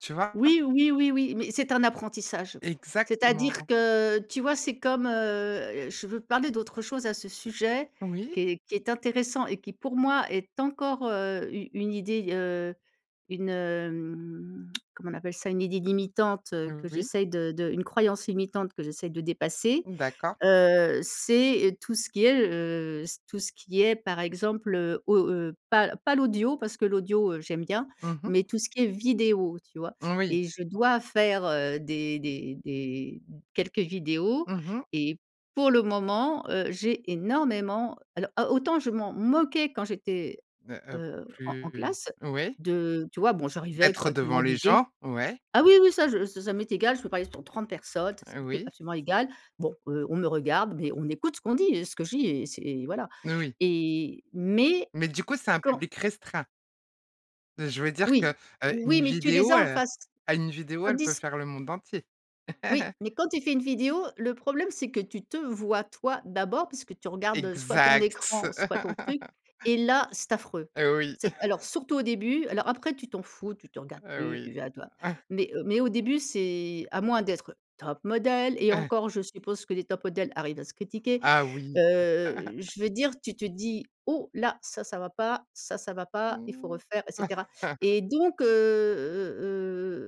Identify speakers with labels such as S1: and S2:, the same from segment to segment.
S1: Tu vois? A
S2: Oui, oui, oui, oui, mais c'est un apprentissage. C'est-à-dire
S1: Exactement.
S2: que, tu vois, c'est comme, heu je veux parler d'autre chose à ce sujet
S1: Oui.
S2: qui est qui est intéressant et qui, pour moi, est encore, heu, u une idée, heu, une, hem, comment on appelle ça? Une idée limitante, heu, que
S1: Oui.
S2: j'essaye de de une croyance limitante que j'essaye de dépasser,
S1: M d'accord.
S2: heu, c'est, heu, tout ce qui est, heu, c tout ce qui est, par exemple, heu, au heu, pas, heu, pas l'audio parce que l'audio, heu, j'aime bien.
S1: Mmh mh.
S2: Mais tout ce qui est vidéo, tu vois?
S1: Moui.
S2: Et je dois faire, heu, des des des m quelques vidéos
S1: Mmh mh.
S2: et pour le moment, heu, j'ai énormément alors, a autant je m'en moquais quand j'étais,
S1: Heu heu,
S2: heu, en en
S1: plus
S2: classe
S1: oui.
S2: de tu vois? Bon, j'arrivais
S1: Être
S2: correctement
S1: devant les
S2: habillée.
S1: gens? Ouais.
S2: Ah oui, oui, ça je ça ça m'est égal, je peux parler devant 30 personnes, ça, ça
S1: Heu,
S2: m'était
S1: oui.
S2: absolument égal. Bon heu, on me regarde, mais on écoute ce qu'on dit, heu, ce que je dis et c'est et voilà
S1: Oui.
S2: et mais
S1: Mais du coup, c'est un
S2: quand
S1: public restreint. Je veux dire que,
S2: Oui.
S1: heu, une
S2: Oui, mais tu les
S1: vidéo,
S2: as en
S1: heu,
S2: face,
S1: ah une vidéo, elle peut
S2: tandis
S1: faire le monde entier.
S2: Oui, mais quand tu fais une vidéo, le problème c'est que tu te vois toi d'abord, puisque tu regardes, heu, soit ton
S1: Exact.
S2: écran, soit ton truc et là, c'est affreux.
S1: Heu, oui.
S2: Cet alors surtout au début, alors après tu t'en fous, tu te regardes
S1: Heu,
S2: plus,
S1: oui.
S2: tu vas à toi mais heu, mais au début c'est à moins d'être top model et encore je suppose que les top model arrivent à se critiquer,
S1: Ah oui.
S2: heu, je veux dire, tu te dis: «Oh là ça, ça va pas, ça, ça va pas, il faut
S1: Mmh.
S2: refaire et cetera» et donc heu heu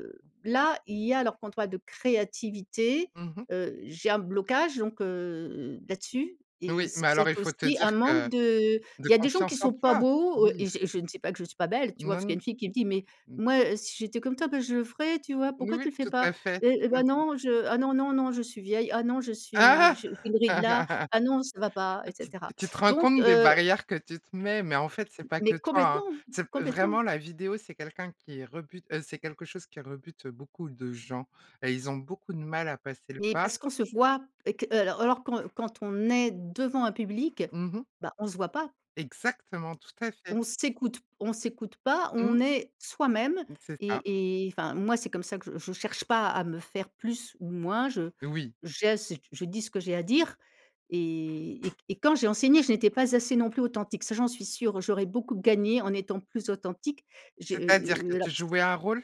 S2: heu, là, il y a alors qu'on toi de créativité,
S1: Mmh mh.
S2: heu, j'ai un blocage donc heu, là-dessus et
S1: Oui, mais alors il
S2: c'est
S1: faut te
S2: aussi
S1: dire
S2: un manque
S1: que
S2: de, heu,
S1: de
S2: il y a des gens qui
S1: confiance en
S2: sont pas
S1: toi?
S2: beaux
S1: Oui.
S2: et je je ne sais pas que je sois belle, tu vois?
S1: Non
S2: Parce qu'il
S1: n
S2: y a une fille qui me dit: «Mais
S1: mmh.
S2: moi, heu, si j'étais comme toi, bah je le ferais, tu vois? Pourquoi tu
S1: Moui
S2: le fais
S1: tout
S2: pas?
S1: à fait,
S2: Et et
S1: tout
S2: ben
S1: à fait.
S2: non je ah non, non, non, je suis vieille, ah non je
S1: Ah!
S2: suis j'ai une ride là, ah non ça va pas et
S1: Tu t
S2: cetera».
S1: tu te rends
S2: Donc
S1: compte des
S2: heu
S1: barrières que tu te mets, mais en fait, c'est pas que
S2: Mais
S1: toi, hein.
S2: complètement!
S1: C'est
S2: Complètement!
S1: vraiment la vidéo, c'est quelqu'un qui rebute, heu, c'est quelque chose qui rebute, heu, beaucoup de gens, heu, ils ont beaucoup de mal à passer le
S2: Mais
S1: pas.
S2: parce qu'on se voit et que, heu, alors alors quand quand on est devant un public,
S1: Mmh mh.
S2: bah on se voit pas.
S1: Exactement, tout à fait.
S2: On s'écoute on s'écoute pas,
S1: Mmh.
S2: on est soi-même
S1: M c'est ça.
S2: et et enfin moi c'est comme ça que je je cherche pas à me faire plus ou moins je
S1: Oui.
S2: j'ai ce t je dis ce que j'ai à dire et et que et quand j'ai enseigné je n'étais pas assez non plus authentique, ça j'en suis sûre, j'aurais beaucoup gagné en étant plus authentique. J'ai, heu
S1: C'est-à-dire? Que
S2: heu heu, la
S1: tu
S2: s
S1: jouais un rôle?